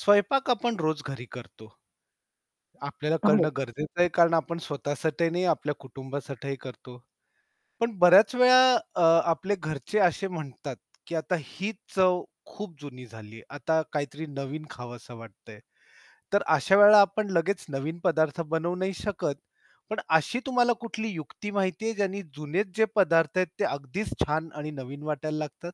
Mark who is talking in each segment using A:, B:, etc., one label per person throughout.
A: स्वयंपाक आपण रोज घरी करतो. आपल्याला
B: हो.
A: करणं गरजेचं आहे कारण आपण स्वतःसाठी नाही आपल्या कुटुंबासाठीही करतो. पण बऱ्याच वेळा अ, आपले घरचे असे म्हणतात, की आता ही चव खूप जुनी झालीये. आता काहीतरी नवीन खावसं वाटतयं. तर अशावेळेला आपण लगेच नवीन पदार्थ बनवू नाही शकत. पण अशी तुम्हाला कुठली युक्ती माहिती आहे, ज्यानी जुनेच जे पदार्थ आहेत ते अगदीच छान आणि नवीन वाटायला लागतात?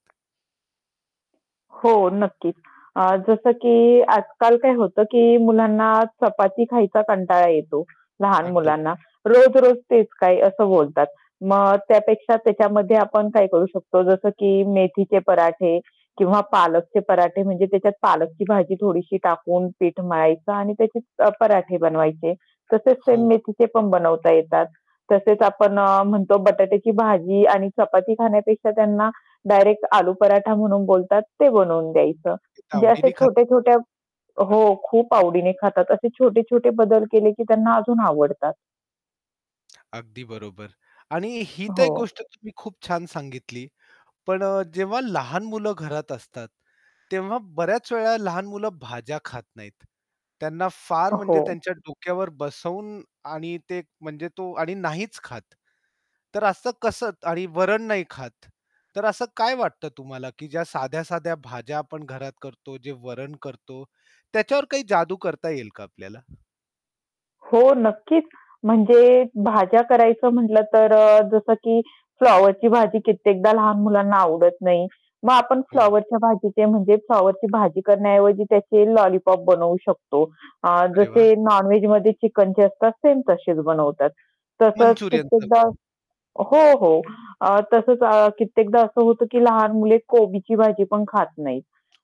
B: हो, नक्कीच. अ, जसं की आजकाल काय होतं, की मुलांना चपाती खायचा कंटाळा येतो, लहान
A: अगदी बरोबर.
B: मुलांना. "रोज-रोज तेच काय?" असं बोलतात. मग त्यापेक्षा त्याच्यामध्ये आपण काय करू शकतो, जसं की मेथीचे पराठे किंवा पालकचे पराठे, म्हणजे त्याच्यात पालकची भाजी थोडीशी टाकून पीठ मळायचं आणि त्याचे अ, पराठे बनवायचे. तसेच सेम
A: हो.
B: मेथीचे पण बनवता येतात. तसेच आपण अ, म्हणतो बटाट्याची भाजी आणि चपाती खाण्यापेक्षा त्यांना डायरेक्ट आलू पराठा म्हणून बोलतात, ते बनवून द्यायचं. म्हणजे असे
A: आवडीने खा [unintelligible]
B: छोटे-छोटे हो. खूप आवडीने खातात. असे छोटे-छोटे बदल केले, की त्यांना अजून आवडतात.
A: अगदी बरोबर आणि ही तर एक
B: हो.
A: गोष्ट तुम्ही खूप छान सांगितली, पण अ, जेव्हा लहान मुलं घरात असतात, तेव्हा बऱ्याच वेळा लहान मुलं भाज्या खात नाहीत, त्यांना फार
B: अ,
A: म्हणजे
B: हो.
A: त्यांच्या डोक्यावर बसवून आणि ते म्हणजे तो आणि नाहीच खात. तर असं कसं आणि वरण नाही खात. तर असं काय वाटत तुम्हाला, की ज्या साध्या-साध्या भाज्या आपण घरात करतो, जे वरण करतो, त्याच्यावर काही जादू करता येईल का आपल्याला?
B: हो, नक्कीच. म्हणजे भाज्या करायचं म्हटलं, तर अ, जसं की फ्लॉवरची भाजी कित्येकदा लहान मुलांना आवडत नाही, मग आपण
A: हो.
B: फ्लॉवरच्या भाजीचे, म्हणजे फ्लॉवरची भाजी करण्याऐवजी त्याचे लॉलीपॉप बनवू शकतो. अ,
A: अरे वाह!
B: जसे नॉन-वेजमध्ये चिकनचे असतात सेम तसेच बनवतात. तसंच
A: मंचुरियन
B: कित्येकदा
A: सारखं.
B: हो, हो. अ, तसेच कित्येकदा असं होतं, की लहान मुले कोबीची भाजी पण खात नाहीत.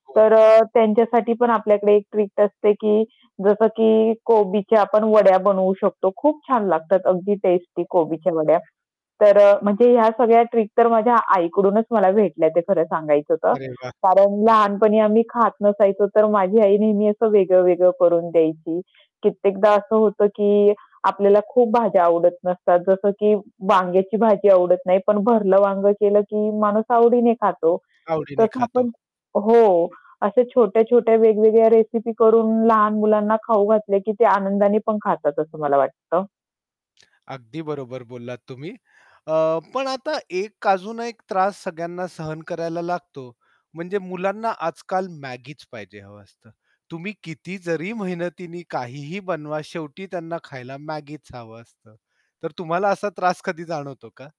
A: हो.
B: तर अ, त्यांच्यासाठी पण आपल्याकडे एक ट्रिक असते, की जसं की कोबीच्या आपण वड्या बनवू शकतो. खूप छान लागतात, अगदी टेस्टी कोबीच्या वड्या. तर अ, म्हणजे ह्या सगळ्या ट्रिक तर माझ्या आईकडूनच मला भेटल्या, ते खरं सांगायचं तर.
A: अरे वाह!
B: कारण लहानपणी आम्ही खात नसायचो तर माझी आई नेहमी असं वेगळं-वेगळं करून द्यायची कित्येकदा असं होतं, की आपल्याला खूप भाज्या आवडत नसतात. जसं की वांग्याची भाजी आवडत नाही, पण भरलं वांगं केलं की माणूस आवडीने खातो.
A: आवडीने
B: तसं
A: खातो.
B: आपण हो, अशा छोट्या-छोट्या वेगवेगळ्या रेसिपी करून लहान मुलांना खाऊ घातले, की ते आनंदाने पण खातात, असं मला वाटतं.
A: अगदी बरोबर बोललात तुम्ही. अ, पण आता एक अजून एक त्रास सगळ्यांना सहन करायला लागतो, म्हणजे मुलांना आजकाल Maggieच पाहिजे हवं असतं. तुम्ही किती जरी मेहनतीने काहीही बनवा शेवटी त्यांना खायला Maggieच हवं असतं, तर तुम्हाला असा त्रास कधी जाणवतो का?